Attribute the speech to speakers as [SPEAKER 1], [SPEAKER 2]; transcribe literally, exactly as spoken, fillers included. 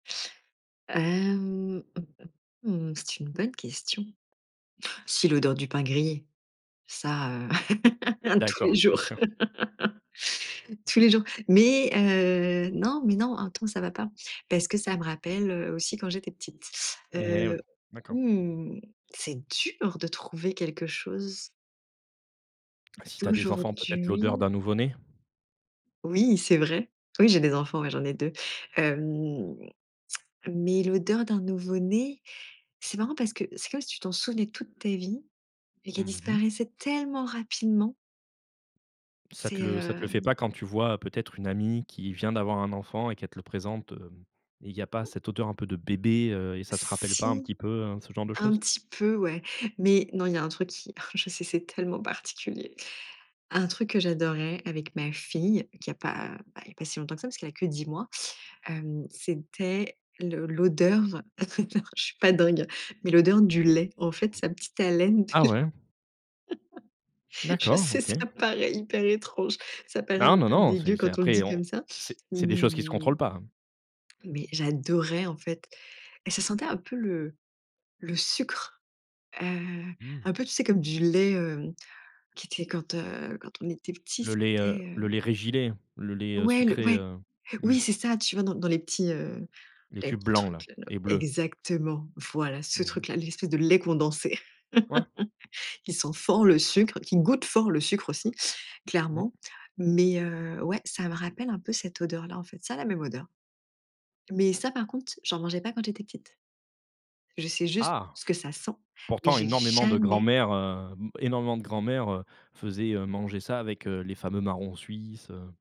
[SPEAKER 1] Hem, mmh, c'est une bonne question. C'est l'odeur du pain grillé, ça, heu, tous
[SPEAKER 2] D'accord.
[SPEAKER 1] les jours.
[SPEAKER 2] Bien sûr.
[SPEAKER 1] Tous les jours mais heu non, mais non, un temps, ça va pas parce que ça me rappelle, heu, aussi quand j'étais petite,
[SPEAKER 2] Mais
[SPEAKER 1] heu,
[SPEAKER 2] oui. D'accord.
[SPEAKER 1] hem, c'est dur de trouver quelque chose
[SPEAKER 2] Bah, si tu as des enfants, peut-être l'odeur
[SPEAKER 1] d'aujourd'hui.
[SPEAKER 2] d'un nouveau né?
[SPEAKER 1] Oui, c'est vrai, oui, j'ai des enfants, ouais, j'en ai deux, hem, mais l'odeur d'un nouveau né, c'est marrant parce que c'est comme si tu t'en souvenais toute ta vie et qu'elle
[SPEAKER 2] Mmh mh.
[SPEAKER 1] disparaissait tellement rapidement.
[SPEAKER 2] Ça
[SPEAKER 1] C'est,
[SPEAKER 2] te le ça te le fait
[SPEAKER 1] hem
[SPEAKER 2] pas quand tu vois peut-être une amie qui vient d'avoir un enfant et qu'elle te le présente, heu, et il y a pas cette odeur un peu de bébé, heu, et ça te rappelle pas un
[SPEAKER 1] si,
[SPEAKER 2] petit peu, heu, ce genre de
[SPEAKER 1] un
[SPEAKER 2] choses?
[SPEAKER 1] petit peu, ouais. Mais, non, il y a un truc qui oh je sais, c'est tellement particulier. Un truc que j'adorais avec ma fille qui a pas, bah, il y a pas si longtemps que ça parce qu'elle a que dix mois, hem, c'était l'o l'odeur, je suis pas dingue, mais l'odeur du lait, en fait, sa petite haleine.
[SPEAKER 2] Ah ouais?
[SPEAKER 1] Je
[SPEAKER 2] D'accord,
[SPEAKER 1] sais
[SPEAKER 2] OK.
[SPEAKER 1] ça paraît hyper étrange, ça paraît
[SPEAKER 2] Hein!
[SPEAKER 1] un
[SPEAKER 2] Non,
[SPEAKER 1] peu
[SPEAKER 2] non, c'est
[SPEAKER 1] dégueu
[SPEAKER 2] c'est
[SPEAKER 1] quand on le
[SPEAKER 2] après
[SPEAKER 1] dit
[SPEAKER 2] on
[SPEAKER 1] comme ça,
[SPEAKER 2] c'est c'est des
[SPEAKER 1] mais
[SPEAKER 2] choses qui se
[SPEAKER 1] heu
[SPEAKER 2] contrôlent pas, hein.
[SPEAKER 1] mais j'adorais, en fait, et ça sentait un peu le le sucre, heu,
[SPEAKER 2] Mmh.
[SPEAKER 1] un peu, tu sais comme du lait, heu, qui était quand, heu quand on était petit,
[SPEAKER 2] le lait,
[SPEAKER 1] c'était,
[SPEAKER 2] heu, le
[SPEAKER 1] heu
[SPEAKER 2] lait Régilait, le lait, heu,
[SPEAKER 1] Ouais le
[SPEAKER 2] sucré,
[SPEAKER 1] ouais.
[SPEAKER 2] heu mmh.
[SPEAKER 1] Oui, c'est ça! Tu vois, dans dans les petits, heu
[SPEAKER 2] Les
[SPEAKER 1] les
[SPEAKER 2] tubes
[SPEAKER 1] petits
[SPEAKER 2] blancs là
[SPEAKER 1] trucs-là
[SPEAKER 2] et bleus.
[SPEAKER 1] exactement! Voilà ce
[SPEAKER 2] Mmh mh.
[SPEAKER 1] truc-là, l'espèce de lait condensé
[SPEAKER 2] Ouais.
[SPEAKER 1] qui sent fort le sucre, qui goûte fort le sucre aussi,
[SPEAKER 2] Mmh.
[SPEAKER 1] clairement mais heu, ouais, ça me rappelle un peu cette odeur-là, en fait, ça a la même odeur. Mais ça, par contre, j'en mangeais pas quand j'étais petite. Je sais juste
[SPEAKER 2] Ah!
[SPEAKER 1] ce que ça sent, mais
[SPEAKER 2] Pourtant
[SPEAKER 1] j'ai
[SPEAKER 2] énormément de
[SPEAKER 1] jamais
[SPEAKER 2] grands-mères, heu, m énormément de grands-mères, heu, faisaient, heu, manger ça avec, heu, les fameux Marrons Suisses, heu